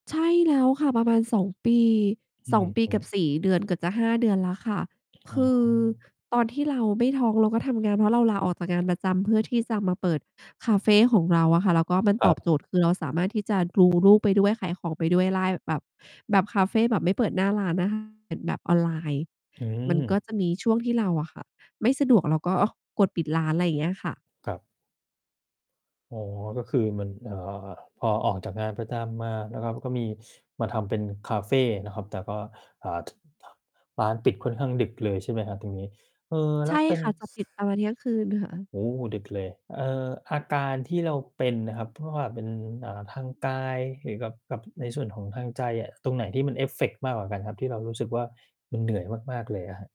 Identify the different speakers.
Speaker 1: ใช่แล้วค่ะ ประมาณ 2 ปี
Speaker 2: อื
Speaker 1: 2 ปีก
Speaker 2: ม
Speaker 1: ับ
Speaker 2: ๆ
Speaker 1: 4 เดือน เกือบจะ 5 เดือนแล้วค่ะ
Speaker 2: อ
Speaker 1: ค
Speaker 2: ะ
Speaker 1: ื
Speaker 2: ฮ
Speaker 1: อ
Speaker 2: ะ
Speaker 1: ตอนที่เราไม่ท้อง เราก็ทำงาน เพราะเราลาออกจากงานประจำเพื่อที่จะมาเปิดคาเฟของเราอะค่ะ แล้วก็มัน
Speaker 2: ค
Speaker 1: ตอบโจ
Speaker 2: รับ
Speaker 1: ทย์ คือเราสามารถที่จะ ดูลูก ไปด้วย ขายของไปด้วยได้ แบบ แบบคาเฟ แบบไม่เปิดหน้าร้าน อะค่ะ แบบออนไลน์
Speaker 2: อื
Speaker 1: มันก็
Speaker 2: ม
Speaker 1: จะมีช่วงที่เราอะค่ะ ไม่สะดวกเราก็กดปิดร้าน อะไรอย่างเงี้ยค่ะ
Speaker 2: ครับ อ๋อ ก็คือมัน เอ่อ อ๋อ อะ พอออกจากงานประจำมานะครับ ก็มีมาทำเป็นคาเฟนะครับ แต่ก็ อ่า ท ร้านปิดค่อนข้างดึกเลยใช่ไหมครับตรงนี้? เอ่อ แ
Speaker 1: ใ
Speaker 2: ล
Speaker 1: ช
Speaker 2: ้ว
Speaker 1: ่
Speaker 2: เป็น
Speaker 1: ค่ะ จะปิดประมาณเที่ยงคืนค่ะ
Speaker 2: โอ้ ดึกเลย เอ่อ อาการที่เราเป็นนะครับ เพราะว่าเป็น เอ่อ ทางกายหรือกับ กับในส่วนของทางใจอะ ตรงไหนที่มันเอฟเฟกต์มากกว่ากันครับ? ที่เรารู้สึกว่ามันเหนื่อยมาก ๆ เลยอะครับ